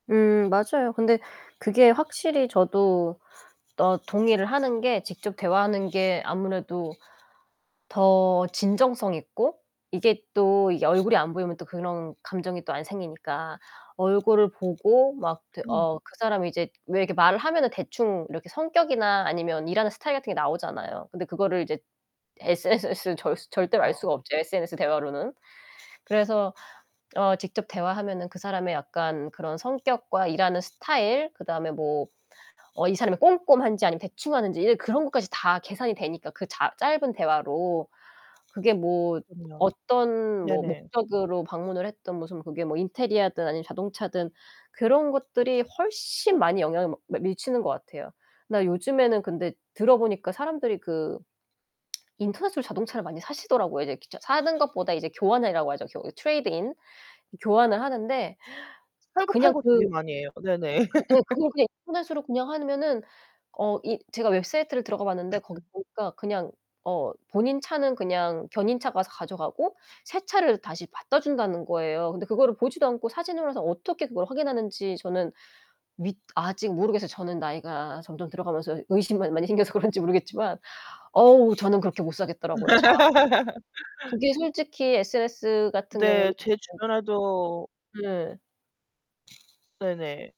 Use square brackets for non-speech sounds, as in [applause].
음 맞아요. 근데 그게 확실히 저도 어 동의를 하는 게 직접 대화하는 게 아무래도 더 진정성 있고 이게 또 이게 얼굴이 안 보이면 또 그런 감정이 또 안 생기니까 얼굴을 보고 막 대 음. 어 그 사람이 이제 왜 이렇게 말을 하면은 대충 이렇게 성격이나 아니면 일하는 스타일 같은 게 나오잖아요. 근데 그거를 이제 에스에스에스는 절스 절대로 알 여 수가 없죠 SNS 대화로는. 그래서 어 직접 대화하면은 그 사람의 약간 그런 성격과 일하는 스타일 그다음에 뭐 어 이 사람이 꼼꼼한지 아니면 대충하는지 이제 그런 것까지 다 계산이 되니까 그 자 짧은 대화로. 그게 뭐 그럼요. 어떤 뭐 네네. 목적으로 방문을 했든 무슨 그게 뭐 인테리어든 아니면 자동차든 그런 것들이 훨씬 많이 영향을 머 미 미치는 것 같아요. 나 요즘에는 근데 들어보니까 사람들이 그 인터넷으로 자동차를 많이 사시더라고요. 이제 직접 사는 것보다 이제 교환이라고 하죠. 교 트레이드 인. 교환을 하는데 팔고, 그냥 팔고 되게 그 많이 해요. 네네. 그 예 그걸 그냥 [laughs] 인터넷으로 그냥 하면은 어 이 제가 웹사이트를 들어가 봤는데 거기 [laughs] 보니까 그냥 어 본인 차는 그냥 견인차가 와서 가져가고 새 차를 다시 갖다 준다는 거예요. 근데 그거를 보지도 않고 사진으로 해서 어떻게 그걸 확인하는지 저는 믿 아직 모르겠어요. 저는 나이가 점점 들어가면서 의심이 많 많이 생겨서 그런지 모르겠지만. 어우 저는 그렇게 못 사겠더라고요 차. [laughs] 그게 솔직히 SNS 같은 경우 네. 제 어. 주변에도 네. 네네.